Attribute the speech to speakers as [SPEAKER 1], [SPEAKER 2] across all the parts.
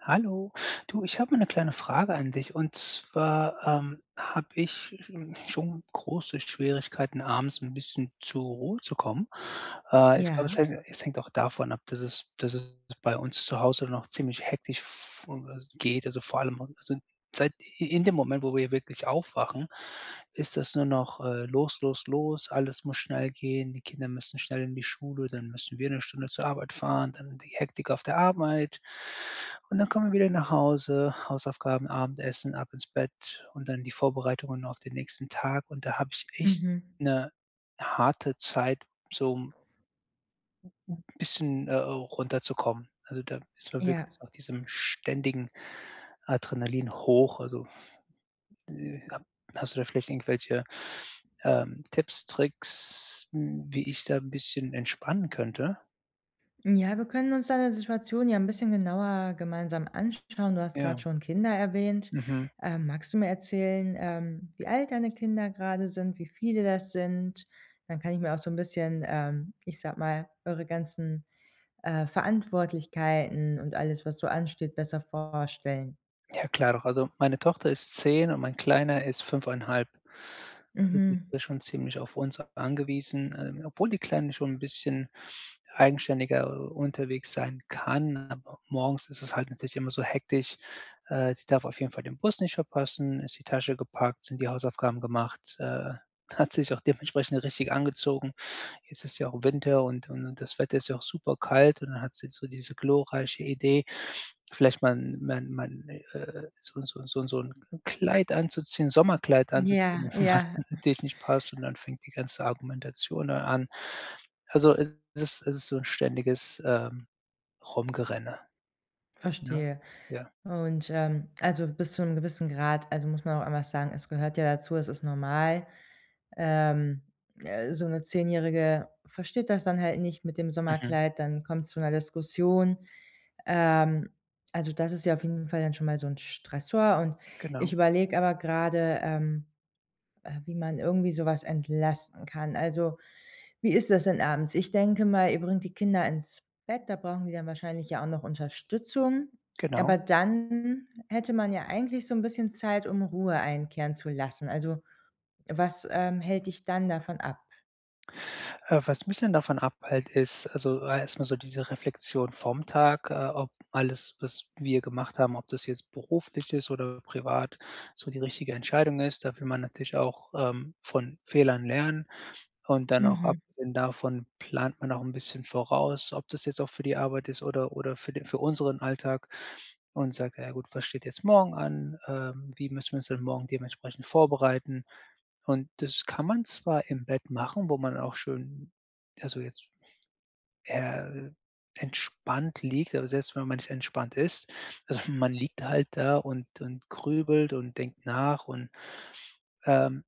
[SPEAKER 1] Hallo. Du, ich habe mal ‘ne kleine Frage an dich. Und zwar, ähm, habe ich sch n schon große Schwierigkeiten, abends ‘n bisschen zur Ruhe zu kommen. Äh, ich glaube, es
[SPEAKER 2] Ja.
[SPEAKER 1] hängt es hängt auch davon ab, dass es dass es bei uns zu Hause noch ziemlich hektisch [unintelligible] geht, also vor allem also sind seit i in dem Moment, wo wir wirklich aufwachen, ist das nur noch, äh, los, los, los, alles muss schnell gehen, die Kinder müssen schnell in die Schule, dann müssen wir ‘ne Stunde zur Arbeit fahren, dann die Hektik auf der Arbeit. Und, dann kommen wir wieder nach Hause, Hausaufgaben, Abendessen, ab ins Bett und dann die Vorbereitungen auf den nächsten Tag und da habe ich echt
[SPEAKER 2] Mhm.
[SPEAKER 1] ‘ne harte Zeit, zum bisschen, äh äh, runterzukommen. Also, da ist man
[SPEAKER 2] Ja.
[SPEAKER 1] wirklich auf diesem ständigen Adrenalinhoch, also äh, ha hast du da vielleicht irgendwelche, ähm, Tipps, Tricks, hm, wie ich da ‘n bisschen entspannen könnte?
[SPEAKER 2] Hm, ja, wir können uns deine Situation ja ‘n bisschen genauer gemeinsam anschauen. Du hast
[SPEAKER 1] Ja.
[SPEAKER 2] grad schon Kinder erwähnt,
[SPEAKER 1] Mhm.
[SPEAKER 2] ähm, magst du mir erzählen, ähm, wie alt deine Kinder grade sind, wie viele das sind? Dann kann ich mir auch so ‘n bisschen, ähm, ich sage mal, eure ganzen, äh, Verantwortlichkeiten und alles, was so ansteht, besser vorstellen.
[SPEAKER 1] Ja, klar doch. Also, meine Tochter ist 10 und mein kleiner ist 5 1/2. Also, die
[SPEAKER 2] Mhm.
[SPEAKER 1] sind schon ziemlich auf uns angewiesen, äh, obwohl die Kleine schon ‘n bisschen eigenständiger unterwegs sein kann, aber morgens ist es halt natürlich immer so hektisch. Äh, die darf auf jeden Fall den Bus nicht verpassen. Ist die Tasche gepackt, sind die Hausaufgaben gemacht, äh, hat sich auch dementsprechend richtig angezogen? Jetzt ist ja auch Winter und und und das Wetter ist ja auch super kalt und dann hat sie so diese glorreiche Idee, vielleicht mal mal mal, 'n äh, so so so so ‘n Kleid anzuziehen, Sommerkleid anzuziehen,
[SPEAKER 2] Ja,
[SPEAKER 1] was
[SPEAKER 2] ja.
[SPEAKER 1] natürlich nicht passt und dann fängt die ganze Argumentation dann an. Also, es ist es ist so ‘n ständiges, ähm, rumgerenne. Ne?
[SPEAKER 2] Verstehe
[SPEAKER 1] Ja.
[SPEAKER 2] und, ähm, also bis zu ‘nem gewissen Grad also muss man auch einmal sagen, es gehört ja dazu, es ist normal, ähm, äh, so ‘ne 10 Jährige versteht das dann halt nicht mit dem
[SPEAKER 1] Mhm.
[SPEAKER 2] Sommerkleid, dann kommt's zu ‘ner Diskussion. Ähm, also das ist ja auf jeden Fall dann schon mal so ‘n Stressor und ich
[SPEAKER 1] Genau.
[SPEAKER 2] überlege aber gerade, ähm, äh, wie man irgendwie sowas entlasten kann. Also, wie ist das denn abends? Ich denke mal, ihr bringt die Kinder ins Bett, da brauchen die dann wahrscheinlich ja auch noch Unterstützung,
[SPEAKER 1] Genau.
[SPEAKER 2] aber dann hätte man ja eigentlich so ‘n bisschen Zeit, um Ruhe einkehren zu lassen. Also, was, ähm, hält dich dann davon ab?
[SPEAKER 1] Äh, was mich dann davon abhält, ist also erstmal so diese Reflexion vom Tag, äh, ob alles, was wir gemacht haben, ob das jetzt beruflich ist oder privat, so die richtige Entscheidung ist. Da will man natürlich auch, ähm, von Fehlern lernen. Und dann auch
[SPEAKER 2] Mhm.
[SPEAKER 1] abgesehen davon plant man auch 'n bisschen voraus, ob das jetzt auch für die Arbeit ist oder oder für den für unseren Alltag und sagt: „Ja gut, was steht jetzt morgen an? Ähm, wie müssen wir uns dann morgen dementsprechend vorbereiten?“ Und das kann man zwar im Bett machen, wo man auch schön also jetzt, äh, entspannt liegt. Aber selbst wenn man nicht entspannt ist also man liegt halt da und und grübelt und denkt nach und, ähm,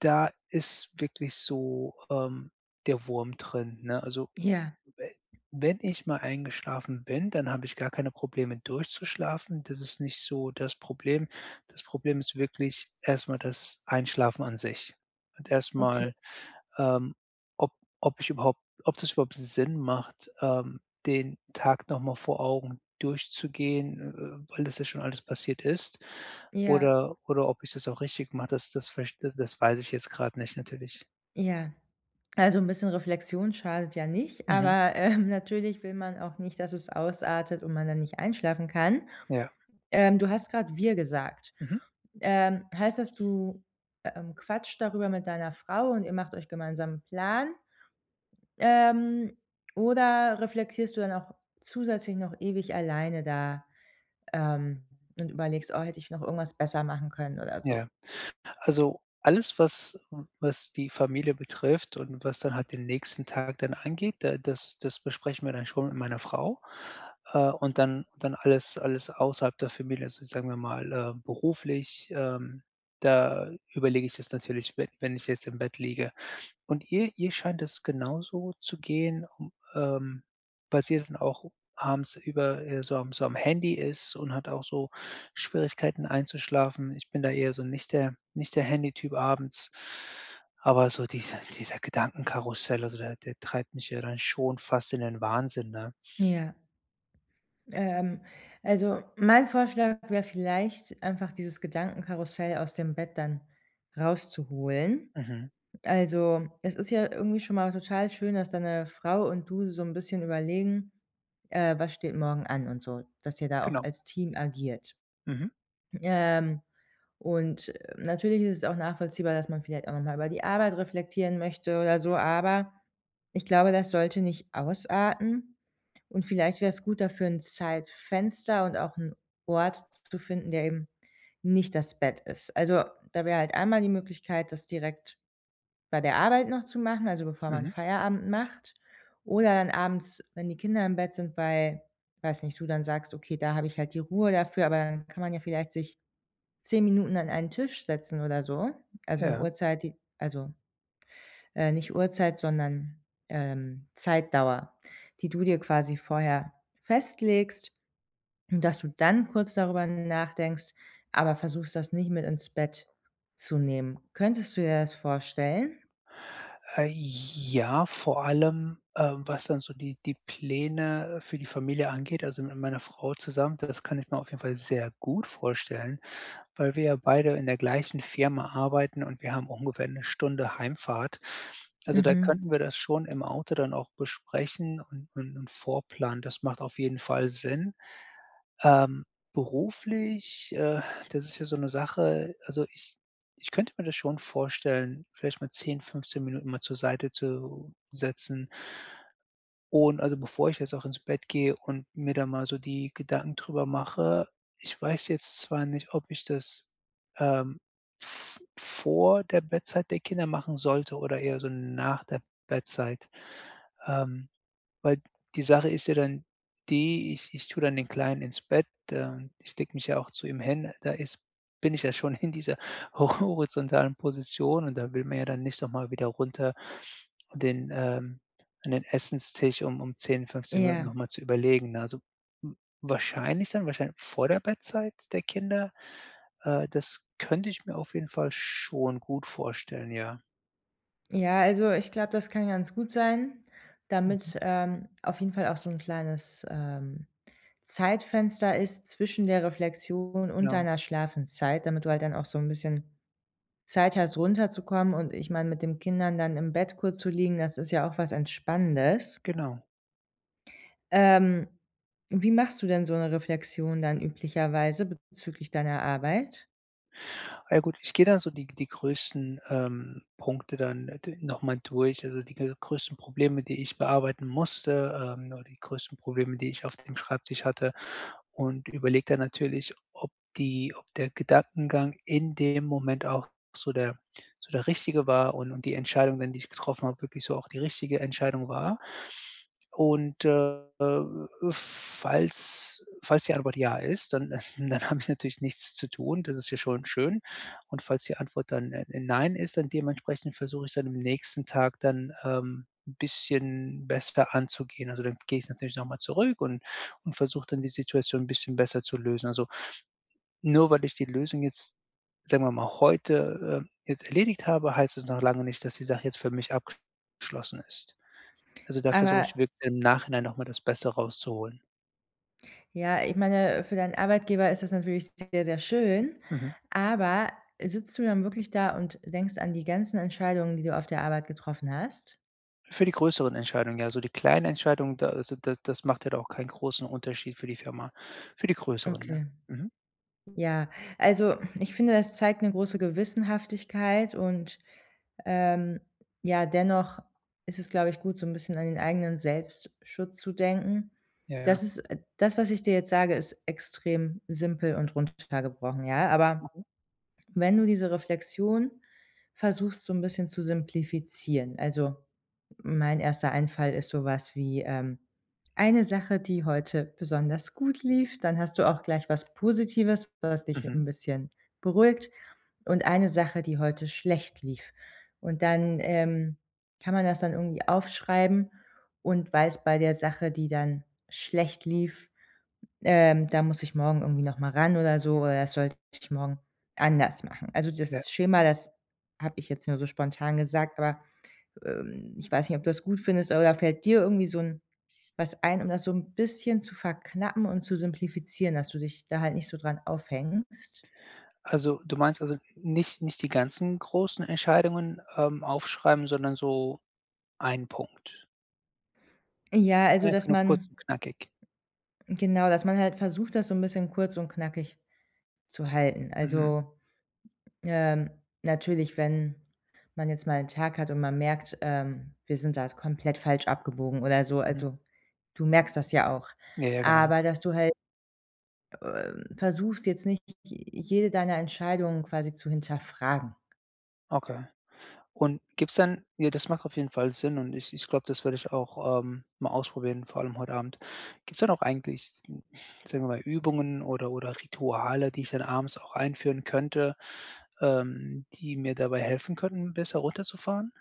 [SPEAKER 1] da ist wirklich so, ähm, der Wurm drin, ne? Also
[SPEAKER 2] Ja.
[SPEAKER 1] we wenn ich mal eingeschlafen bin, dann habe ich gar keine Probleme durchzuschlafen. Das ist nicht so das Problem. Das Problem ist wirklich erstmal das Einschlafen an sich. Und
[SPEAKER 2] Okay.
[SPEAKER 1] erstmal, ähm, ob ob ich überhaupt ob das überhaupt Sinn macht, ähm, den Tag nochmal vor Augen durchzugehen, äh, weil das ja schon alles passiert ist
[SPEAKER 2] Ja.
[SPEAKER 1] oder oder ob ich das auch richtig mache, das das vielleicht da das weiß ich jetzt gerade nicht natürlich.
[SPEAKER 2] Ja. Also 'n bisschen Reflexion schadet ja nicht,
[SPEAKER 1] Mhm.
[SPEAKER 2] aber, ähm, natürlich will man auch nicht, dass es ausartet und man dann nicht einschlafen kann.
[SPEAKER 1] Ja.
[SPEAKER 2] Ähm, du hast gerade wir gesagt.
[SPEAKER 1] Mhm.
[SPEAKER 2] Ähm, heißt dass du, ähm, quatscht darüber mit deiner Frau und ihr macht euch gemeinsam 'n Plan? Ähm, oder reflektierst du dann auch zusätzlich noch ewig alleine da, ähm, und überlegst: „Oh, hätte ich noch irgendwas besser machen können?“ oder so?
[SPEAKER 1] Ja. Also, alles, was was die Familie betrifft und was dann halt den nächsten Tag dann angeht, da das das besprechen wir dann schon mit meiner Frau, äh, und dann dann alles alles außerhalb der Familie also sagen wir mal, äh, beruflich, ähm, da überlege ich das natürlich, wenn wenn ich jetzt im Bett liege. Und ihr ihr scheint das genauso zu gehen, ähm, weil sie dann auch abends über äh, so am so am Handy ist und hat auch so Schwierigkeiten einzuschlafen. Ich bin da eher so nicht der nicht der Handytyp abends. Aber so dieser dieser Gedankenkarussell, also der der treibt mich ja dann schon fast in den Wahnsinn, ne?
[SPEAKER 2] Ja. Ähm, also mein Vorschlag wäre vielleicht einfach dieses Gedankenkarussell aus dem Bett dann rauszuholen.
[SPEAKER 1] Mhm.
[SPEAKER 2] Also, es ist ja irgendwie schon mal total schön, dass deine Frau und du so 'n bisschen überlegen, äh, was steht morgen an und so. Dass ihr da auch
[SPEAKER 1] Genau.
[SPEAKER 2] als Team agiert.
[SPEAKER 1] Mhm.
[SPEAKER 2] Ähm, und, äh, natürlich ist es auch nachvollziehbar, dass man vielleicht auch noch mal über die Arbeit reflektieren möchte oder so, aber ich glaube, das sollte nicht ausarten. Und vielleicht wäre es gut, dafür 'n Zeitfenster und auch 'n Ort zu finden, der eben nicht das Bett ist. Also da wäre halt einmal die Möglichkeit, das direkt bei der Arbeit noch zu machen also bevor man
[SPEAKER 1] Mhm.
[SPEAKER 2] Feierabend macht, oder dann abends, wenn die Kinder im Bett sind, weil ich weiß nicht, du dann sagst: „Okay, da habe ich halt die Ruhe dafür.“ Aber dann kann man ja vielleicht sich 10 Minuten an einen Tisch setzen oder so. Also 'ne
[SPEAKER 1] Ja.
[SPEAKER 2] Uhrzeit, die also, äh, nicht Uhrzeit, sondern, ähm, Zeitdauer, die du dir quasi vorher festlegst, dass du dann kurz darüber nachdenkst, aber versuchst, das nicht mit ins Bett zu nehmen. Könntest du dir das vorstellen?
[SPEAKER 1] Äh, ja, vor allem, ähm, was dann so die die Pläne, äh, für die Familie angeht also mit meiner Frau zusammen, das kann ich mir auf jeden Fall sehr gut vorstellen, weil wir ja beide in der gleichen Firma arbeiten und wir haben auch ungefähr 'ne Stunde Heimfahrt. Also da
[SPEAKER 2] Mhm.
[SPEAKER 1] könnten wir das schon im Auto dann auch besprechen und und und vorplanen. Das macht auf jeden Fall Sinn. Ähm, beruflich, äh, das ist ja so 'ne Sache. Also ich ich könnte mir das schon vorstellen, vielleicht mal 10, 15 Minuten mal zur Seite zu setzen. Und also bevor ich jetzt auch ins Bett gehe und mir da mal so die Gedanken darüber mache ich weiß jetzt zwar nicht, ob ich das, ähm, v v vor der Bettzeit der Kinder machen sollte oder eher so nach der Bettzeit. Ähm, weil die Sache ist ja dann die, ich ich tue dann den Kleinen ins Bett, ähm ich lege mich ja auch zu ihm hin. Da ist bin ich ja schon in dieser ho horizontalen Position und da will man ja dann nicht noch mal wieder runter und den ähm, an den Essenstisch um um 10, 15 Minuten
[SPEAKER 2] Ja.
[SPEAKER 1] nochmal zu überlegen, ne? Also w wahrscheinlich dann wahrscheinlich vor der Bettzeit der Kinder? Äh, das könnte ich mir auf jeden Fall schon gut vorstellen, ja.
[SPEAKER 2] Ja, also ich glaube, das kann ganz gut sein,
[SPEAKER 1] Mhm.
[SPEAKER 2] damit, ähm, auf jeden Fall auch so 'n kleines, ähm, Zeitfenster ist zwischen der Reflexion und
[SPEAKER 1] Ja.
[SPEAKER 2] deiner Schlafenszeit, damit du halt dann auch so 'n bisschen Zeit hast, runterzukommen und ich meine, mit den Kindern dann im Bett kurz zu liegen, das ist ja auch was Entspannendes.
[SPEAKER 1] Genau.
[SPEAKER 2] Ähm, wie machst du denn so 'ne Reflexion dann üblicherweise bezüglich deiner Arbeit?
[SPEAKER 1] Ja gut, ich gehe dann so die g die größten, ähm, Punkte dann n äh, d nochmal durch, also die g größten Probleme, die ich bearbeiten musste, ähm, nur die größten Probleme, die ich auf dem Schreibtisch hatte und überlege dann natürlich, ob die ob der Gedankengang in dem Moment auch so der so der richtige war und und die Entscheidungen, die ich getroffen habe, wirklich so auch die richtige Entscheidung war. Und, äh äh, falls falls die Antwort ja ist, dann dann habe ich natürlich nichts zu tun. Das ist ja schon schön. Und falls die Antwort dann, äh, nein ist, dann dementsprechend versuche ich's dann am nächsten Tag dann, ähm, 'n bisschen besser anzugehen. Also dann gehe ich natürlich nochmal zurück und und versuche dann die Situation 'n bisschen besser zu lösen. Also, nur weil ich die Lösung jetzt- sagen wir mal- heute, äh, jetzt erledigt habe, heißt das noch lange nicht, dass die Sache jetzt für mich abgeschlossen ist. Also da versuche
[SPEAKER 2] Aber
[SPEAKER 1] ich wirklich im Nachhinein noch mal das Beste rauszuholen.
[SPEAKER 2] Ja, ich meine, für deinen Arbeitgeber ist das natürlich sehr, sehr schön.
[SPEAKER 1] Mhm.
[SPEAKER 2] Aber, äh, sitzt du dann wirklich da und denkst an die ganzen Entscheidungen, die du auf der Arbeit getroffen hast?
[SPEAKER 1] Für die größeren Entscheidungen, ja, also die kleinen Entscheidungen, da also, da das macht halt auch keinen großen Unterschied für die Firma, für die größeren, ja.
[SPEAKER 2] Okay.
[SPEAKER 1] Mhm.
[SPEAKER 2] Ja. Also, ich finde, hm, das zeigt 'ne große Gewissenhaftigkeit und, ähm, ja, dennoch ist es, glaube ich gut, so 'n bisschen an den eigenen „Selbstschutz“ zu denken.
[SPEAKER 1] Ja, ja.
[SPEAKER 2] Das ist äh, das was ich dir jetzt sage, ist extrem simpel und runtergebrochen, ja? Aber
[SPEAKER 1] Mhm.
[SPEAKER 2] wenn du diese Reflexion versuchst, so ein bisschen zu simplifizieren. Also, mein 1. Einfall ist sowas wie, ähm: Eine Sache, die heute besonders gut lief, dann hast du auch gleich was Positives, was dich
[SPEAKER 1] Mhm.
[SPEAKER 2] 'n bisschen beruhigt und eine Sache, die heute schlecht lief. Und dann, ähm, kann man das dann irgendwie aufschreiben und weiß bei der Sache, die dann schlecht lief, ähm: „Da muss ich morgen irgendwie nochmal ran oder so, oder sollte ich morgen anders machen.“ Also
[SPEAKER 1] Ja.
[SPEAKER 2] das Schema, das habe ich jetzt nur so spontan gesagt, aber, ähm, ich weiß nicht, ob du das gut findest? Oder fällt dir irgendwie so 'n was ein, um das so 'n bisschen zu verknappen und zu simplifizieren, dass du dich da halt nicht so dran aufhängst?
[SPEAKER 1] Also, du meinst also, nich nicht die ganzen großen Entscheidungen, ähm, aufschreiben, sondern so ein Punkt?
[SPEAKER 2] Äh, ja, also,
[SPEAKER 1] Einfach
[SPEAKER 2] dass
[SPEAKER 1] nur kurz
[SPEAKER 2] man
[SPEAKER 1] und knackig.
[SPEAKER 2] hm, genau, dass man halt versucht, das so 'n bisschen kurz und knackig zu halten.
[SPEAKER 1] Mhm.
[SPEAKER 2] Also, ähm, natürlich, wenn man jetzt mal 'n Tag hat und man merkt, ähm, wir sind da komplett falsch abgebogen oder so,
[SPEAKER 1] Mhm.
[SPEAKER 2] also, du merkst das ja auch.
[SPEAKER 1] Ja, ja, genau.
[SPEAKER 2] Aber, dass du halt, ähm, versuchst jetzt nicht j jede deiner Entscheidungen quasi zu hinterfragen.
[SPEAKER 1] Okay. Und gibt's dann ja, das macht auf jeden Fall Sinn und ich ich glaube, das werde ich auch, ähm, mal ausprobieren, vor allem heute Abend. Gibt's dann auch eigentlich sn sagen wir mal Übungen oder oder Rituale, die ich dann abends auch einführen könnte, ähm, die mir dabei helfen könnten besser runterzufahren?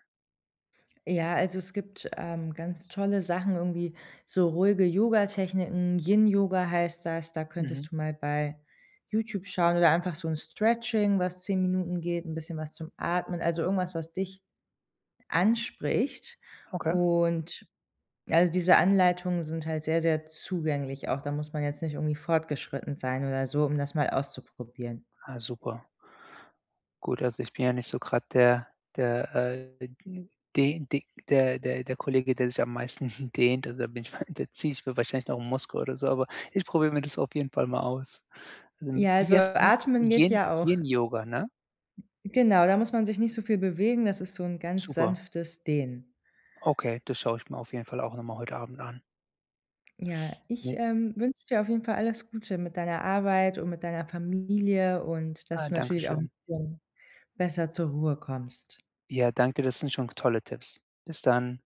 [SPEAKER 2] Ja, also es gibt, ähm, ganz tolle Sachen, irgendwie so ruhige Yoga-Techniken, Yin-Yoga heißt das, da
[SPEAKER 1] Mhm.
[SPEAKER 2] könntest du mal bei YouTube schauen oder einfach so 'n Stretching, was 10 Minuten geht, 'n bisschen was zum Atmen, also irgendwas, was dich anspricht
[SPEAKER 1] Okay.
[SPEAKER 2] und also diese Anleitungen sind halt sehr, sehr zugänglich, auch da muss man jetzt nicht irgendwie fortgeschritten sein oder so, um das mal auszuprobieren.
[SPEAKER 1] Ah super. Gut, also ich bin ja nicht so grade der der, äh, n den de der der der Kollege, der sich am meisten dehnt, also da bin [unintelligible] da ziehe ich mir wahrscheinlich noch 'n Muskel oder so, aber ich probiere mir das auf jeden Fall mal aus. Ähm,
[SPEAKER 2] Ja,
[SPEAKER 1] wie
[SPEAKER 2] also
[SPEAKER 1] heißt das?
[SPEAKER 2] Atmen geht
[SPEAKER 1] Yin
[SPEAKER 2] ja auch.
[SPEAKER 1] Yin-Yoga, ne?
[SPEAKER 2] Genau, da muss man sich nicht so viel bewegen, das ist so 'n ganz
[SPEAKER 1] Super.
[SPEAKER 2] sanftes Dehnen.
[SPEAKER 1] Okay, das schaue ich mir auf jeden Fall auch nochmal heute Abend an.
[SPEAKER 2] Ja, ich,
[SPEAKER 1] Ne?
[SPEAKER 2] ähm, wünsche dir auf jeden Fall alles Gute mit deiner Arbeit und mit deiner Familie und
[SPEAKER 1] Ah,
[SPEAKER 2] dass du
[SPEAKER 1] Danke
[SPEAKER 2] natürlich auch 'n
[SPEAKER 1] schön.
[SPEAKER 2] bisschen besser zur Ruhe kommst.
[SPEAKER 1] Ja, danke, das sind schon g tolle Tipps. Bis dann.